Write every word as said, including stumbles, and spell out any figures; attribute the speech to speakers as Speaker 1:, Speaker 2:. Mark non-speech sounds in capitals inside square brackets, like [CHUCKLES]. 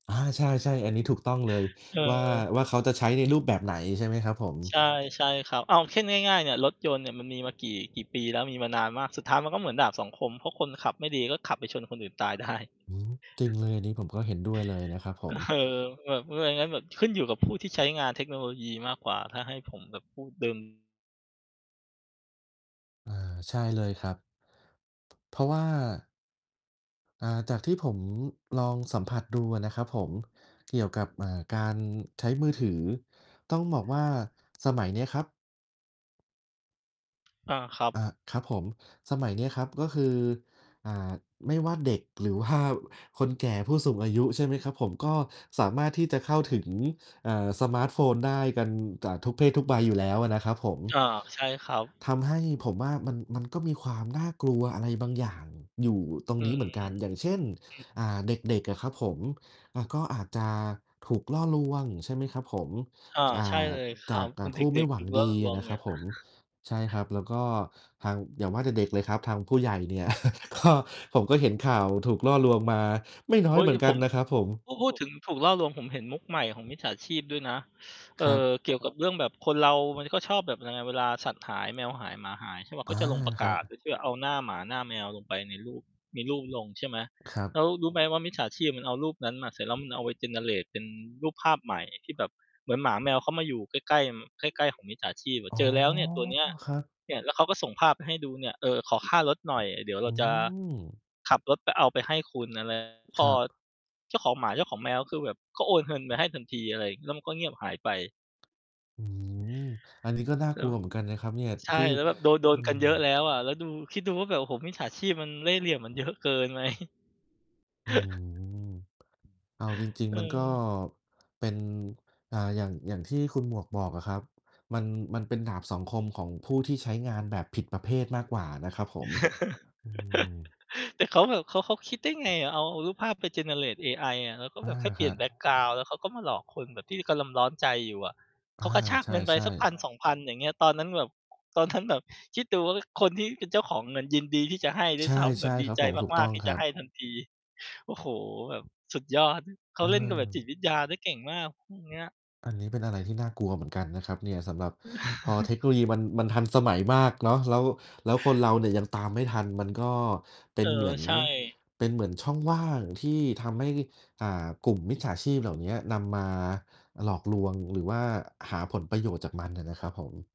Speaker 1: อา ใช่ ๆ อันนี้ถูกต้องเลย
Speaker 2: เ
Speaker 1: ว่า-
Speaker 2: ออ
Speaker 1: ว่า เขาจะใช้ในรูปแบบไหน ใช่ไหมครับผม?
Speaker 2: ใช่ ใช่ครับ เอาแค่ง่าย ๆ เนี่ย รถยนต์เนี่ย มันมีมากี่ กี่ปีแล้ว มีมานานมาก สุดท้ายมันก็เหมือนดาบสองคม เพราะคนขับไม่ดี ก็ขับไปชนคนอื่นตาย ได้
Speaker 1: อืม จริงเลย อันนี้ผมก็เห็นด้วยเลยนะครับผ
Speaker 2: เอ
Speaker 1: ม
Speaker 2: อ แบบ เอ่อ ไงงั้นแบบขึ้นอยู่กับ ผู้ที่ใช้งานเทคโนโลยีมากกว่า ถ้าให้ ผมแบบพูด เดิม
Speaker 1: เออ ใช่เลยครับ เพราะว่า อ่า จากที่ผมลองสัมผัสดูอะนะครับผม เกี่ยวกับ อ่า การใช้มือถือ ต้องบอกว่าสมัยเนี้ยครับ
Speaker 2: อา ครับ
Speaker 1: เอ่อ ครับผม สมัยเนี้ยครับ ก็คือ อ่า ไม่ว่าเด็กหรือ ว่า คนแก่ผู้สูงอายุ ใช่ไหมครับผม ก็สามารถที่จะเข้าถึง อ่า สมาร์ตโฟนได้กันจะทุกเพศทุกวัยอยู่แล้วอะนะครับผม
Speaker 2: อา ใช่ครับ
Speaker 1: ทำให้ ผมว่ามัน-มันก็มีความน่ากลัวอะไรบางอย่างอยู่ตรง
Speaker 2: อื
Speaker 1: นี้
Speaker 2: ม
Speaker 1: เหมือน
Speaker 2: ๆ
Speaker 1: กัน อย่างเช่น
Speaker 2: อือ
Speaker 1: อ่า เด็ก ๆ อะครับผม อ่า ก็อาจจะถูกล่อลวง ใช่ไหมครับผม
Speaker 2: อา
Speaker 1: อ่
Speaker 2: ใช่
Speaker 1: า
Speaker 2: เลยค
Speaker 1: จ
Speaker 2: รั
Speaker 1: า
Speaker 2: บ
Speaker 1: ก อ
Speaker 2: อ
Speaker 1: ่
Speaker 2: ื
Speaker 1: า
Speaker 2: อ เ
Speaker 1: ผ
Speaker 2: ด
Speaker 1: ู้ไม
Speaker 2: ็
Speaker 1: ่
Speaker 2: ก
Speaker 1: หว
Speaker 2: ๆ ถ
Speaker 1: ั
Speaker 2: ู
Speaker 1: ง
Speaker 2: กล่
Speaker 1: ด
Speaker 2: อ
Speaker 1: ี
Speaker 2: ลวง
Speaker 1: นะ
Speaker 2: เ
Speaker 1: ค
Speaker 2: นี
Speaker 1: ร
Speaker 2: ่
Speaker 1: ับ
Speaker 2: ย
Speaker 1: ผม
Speaker 2: [CHUCKLES]
Speaker 1: ใช่ครับ แล้วก็ทาง อย่างว่าแต่เด็กเลยครับ ทางผู้ใหญ่เนี่ย [CHUCKLES] ก็ ผมก็เห็นข่าวถูกล่อลวงมาไม่น้
Speaker 2: เ
Speaker 1: อ
Speaker 2: ฮ
Speaker 1: ย
Speaker 2: ้
Speaker 1: เห
Speaker 2: ย
Speaker 1: มือนก
Speaker 2: ผ
Speaker 1: ัน
Speaker 2: ม
Speaker 1: นะครับผม
Speaker 2: พูด พูดถึงถูกล่อลวง ผมเห็นมุกใหม่ของ มิจฉาชีพด้วยนะ เ
Speaker 1: ค
Speaker 2: อ่
Speaker 1: รับ
Speaker 2: อ เกี่ยวกับเรื่องแบบคนเรา มันก็ชอบแบบยังไง เวลาสัตว์หาย แมวหาย หมาหาย ใช่เปล่า
Speaker 1: อ
Speaker 2: ก
Speaker 1: า
Speaker 2: ็จะลงประ
Speaker 1: ค
Speaker 2: ก
Speaker 1: รั
Speaker 2: าศ โด
Speaker 1: บ
Speaker 2: ยที่เอาหน้าหมาหน้าแมวลงไปในรูป มีรูป ลง ใช่ไหม
Speaker 1: ครับ
Speaker 2: แล้วรู้ไหม ว่ามิจฉาชีพมันเอารูปนั้นมา เสร็จแล้วมันเอาไป generate เป็นรูปภาพใหม่ที่แบบเหมือนหมาแมวเข้ามาอยู่ใกล้ ๆ ม ใกล้ ๆ ของมิจฉาชีพอะ
Speaker 1: อ๋
Speaker 2: "เ
Speaker 1: อ
Speaker 2: จอแล้วเนี่ย ตัว เนี้ย"
Speaker 1: ครับ
Speaker 2: เนี่ย แล้วเขาก็ส่งภาพให้ดูเนี่ย "เออ ขอ ค่ารถหน่อย เดี๋ยวเ
Speaker 1: อ
Speaker 2: รา
Speaker 1: ื
Speaker 2: จะ
Speaker 1: ม
Speaker 2: ขับรถไป เอาไปให้คุณ อะไร" พ
Speaker 1: ค
Speaker 2: อ
Speaker 1: รับ
Speaker 2: เจ้าของหมาเจ้าของแมว ก็คือแบบก็โอนเงินไปให้ทันทีอะไร แล้วมันก็เงียบหายไป
Speaker 1: อืม อันนี้ก็น่า
Speaker 2: แล
Speaker 1: ก
Speaker 2: ้
Speaker 1: ล
Speaker 2: ว
Speaker 1: ัวเหมือนกันนะครับเนี่ย
Speaker 2: ใช่
Speaker 1: ที่
Speaker 2: แล้วแบบโดน โด
Speaker 1: อื
Speaker 2: นกั
Speaker 1: ม
Speaker 2: นเยอะแล้วอะ แล้วดู คิดดูว่าแบบ โอ้โฮ มิจฉาชีพมันเล่ห์เหลี่ยมมัน เยอะเกินไหม?
Speaker 1: อื
Speaker 2: [CHUCKLES]
Speaker 1: ม เอาจริง
Speaker 2: เ
Speaker 1: ๆ
Speaker 2: อ
Speaker 1: มันก็
Speaker 2: อ
Speaker 1: เป็น อ่า อย่าง อย่างที่คุณหมวกบอกอะครับ มัน มันเป็นดาบสองคม ของผู้ที่ใช้งานแบบผิดประเภทมากกว่านะครับผม อื
Speaker 2: [CHUCKLES]
Speaker 1: ม
Speaker 2: แต่เขาแบบเขา เขาคิดได้ ไงอะ เอา เอารูปภาพไป generate เอไออะ แล้วก็
Speaker 1: อ
Speaker 2: แ
Speaker 1: ะ
Speaker 2: บบแค่เป
Speaker 1: ฮ
Speaker 2: ลี่ยนแ
Speaker 1: ะ
Speaker 2: บ็กกราวนด์ แล้วเขาก็มาหลอกคนแบบที่กำลำ ร้อนใจอยู่อะ
Speaker 1: อ
Speaker 2: เข
Speaker 1: า
Speaker 2: ากระชาก
Speaker 1: ใ
Speaker 2: เงินไป
Speaker 1: ช่
Speaker 2: สัก พั
Speaker 1: ๆ
Speaker 2: นสองพัน อย่างเงี้ย ตอนนั้นแบบ ตอน นั้น แบบ คิดดูว่า อ คนที่เป็นเจ้าของเงินยินดีที่จะให้ด้
Speaker 1: ใช
Speaker 2: วย
Speaker 1: ่
Speaker 2: ซ้ำ
Speaker 1: ใ
Speaker 2: แ
Speaker 1: ช
Speaker 2: บ
Speaker 1: ่
Speaker 2: บดี
Speaker 1: ครับ
Speaker 2: ใจ
Speaker 1: ผม ถูก
Speaker 2: ม
Speaker 1: ต
Speaker 2: า
Speaker 1: ้อ
Speaker 2: ก
Speaker 1: ง
Speaker 2: ๆ ที่
Speaker 1: ค
Speaker 2: จ
Speaker 1: ร
Speaker 2: ะ
Speaker 1: ั
Speaker 2: ใ
Speaker 1: บ
Speaker 2: ห้ทันที โอ้โฮ แบบ สุดยอด เข
Speaker 1: เ
Speaker 2: าเล่นกับแบบจิ
Speaker 1: ออ
Speaker 2: ตวิทยา ได้เก่งมาก พวก เนี้ย
Speaker 1: อันนี้เป็นอะไรที่น่ากลัวเหมือนกันนะครับเนี่ย สำหรับ พอ
Speaker 2: [CHUCKLES]
Speaker 1: เทคโนโลยีมัน มัน ทันสมัยมากเนาะ แล้ว แล้วคนเราเนี่ย ยังตามไม่ทันมันก็เป
Speaker 2: เ
Speaker 1: ็
Speaker 2: อ
Speaker 1: น
Speaker 2: อ
Speaker 1: เหมือน
Speaker 2: ใช่
Speaker 1: เป็นเหมือนช่องว่างที่ทำให้ อ่า กลุ่มมิจฉาชีพเหล่าเนี้ย นำมาหลอกลวง หรือว่าหาผลประโยชน์จากมันอะนะครับผม